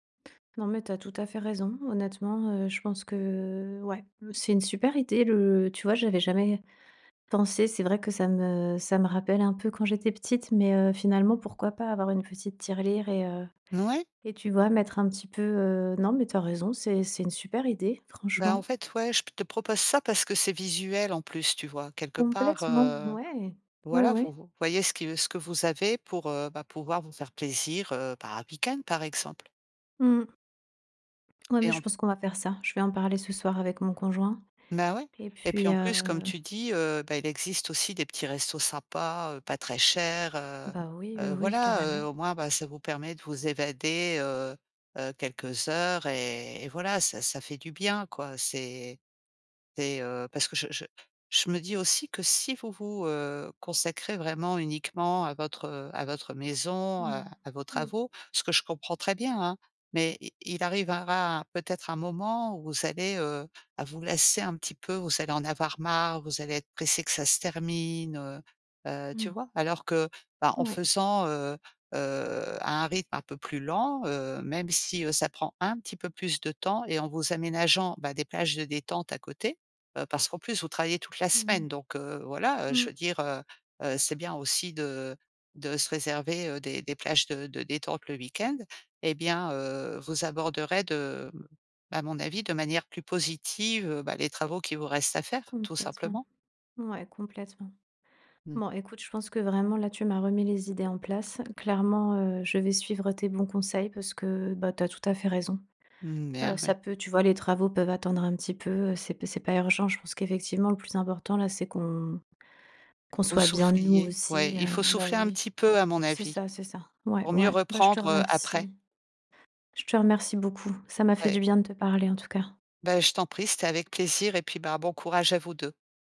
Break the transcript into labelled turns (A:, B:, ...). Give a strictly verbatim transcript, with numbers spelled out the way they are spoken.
A: Non, mais tu as tout à fait raison. Honnêtement, heu, je pense que ouais, c'est une super idée, le tu vois? J'avais jamais pensé, c'est vrai que ça me ça me rappelle un peu quand j'étais petite mais heu, finalement, pourquoi pas avoir une petite tirelire et heu
B: N ouais.
A: et tu vois? Mettre un petit peu, heu non, mais tu as raison, c'est c'est une super idée,
B: Bah, en
A: franchement.
B: fait, ouais, je te propose ça parce que c'est visuel en plus, tu vois? Quelque part,
A: Complètement,
B: heu,
A: ouais, ouais,
B: voilà, vo
A: ouais.
B: vo voyez ce qui ce que vous avez pour, heu, bah, pouvoir vous faire plaisir, heu, par un week-end par exemple.
A: Mmh. Ouais, mais
B: Et
A: je
B: en
A: pense qu'on va faire ça. Je vais en parler ce soir avec mon conjoint,
B: Mais ouais.
A: et
B: Et puis
A: puis
B: en plus, comme
A: heu
B: tu dis, heu, bah, il existe aussi des petits restos, sympas heu, pas très chers, heu
A: Bah, oui, oui,
B: heu,
A: oui,
B: voilà.
A: carrément.
B: Heu, au moins, bah, ça vous permet de vous évader, heu heu, quelques heures et et voilà, ça ça fait du bien, quoi. C'est c'est, heu, parce que je je je me dis aussi que si vous vous, heu, consacrez vraiment uniquement à votre à votre maison, à
A: Mmh,
B: à vos
A: mmh.
B: travaux, ce que je comprends très bien hein, mais i il arrivera peut-être un moment où vous allez, heu, vous lasser un petit peu, vous allez en avoir marre, vous allez être pressé que ça se termine, heu, tu
A: Mmh.
B: vois? Alors que bah, en
A: Ouais.
B: faisant, heu heu, à un rythme un peu plus lent, heu, même si, heu, ça prend un petit peu plus de temps et en vous aménageant, bah, des plages de détente à côté. Heu, parce qu'en plus vous travaillez toute la
A: Mmh mh.
B: semaine, donc heu, voilà. Je
A: Mmh.
B: veux dire, heu heu, c'est bien aussi de de se réserver, heu, des des plages de de détente le week-end. Eh bien, heu, vous aborderez de à mon avis, de manière plus positive, bah, les travaux qui vous restent à faire, tout
A: Complètement,
B: simplement.
A: ouais, complètement.
B: Mmh.
A: Bon, écoute, je pense que vraiment là, tu m'as remis les idées en place. Clairement, heu, je vais suivre tes bons conseils parce que, bah, tu as tout à fait raison.
B: Mmh,
A: Heu,
B: bien
A: ça
B: ouais.
A: peut tu vois? Les travaux peuvent attendre un petit peu, c'est p c'est pas urgent. Je pense qu'effectivement, le plus important, là, c'est qu'on qu'on
B: Au
A: soit bien nous
B: soufflier, ouais,
A: aussi,
B: il
A: heu
B: faut
A: bah,
B: souffler un
A: oui,
B: petit peu à mon
A: c'est
B: avis
A: ça, c'est ça, ouais,
B: pour mieux
A: ouais, bah, je te
B: reprendre, heu, après.
A: remercie. Je te remercie beaucoup. Ça m'a fait du
B: Ouais.
A: bien de te parler en tout cas.
B: Bah, je t'en prie, c'était avec plaisir et puis, bah, bon courage à vous deux.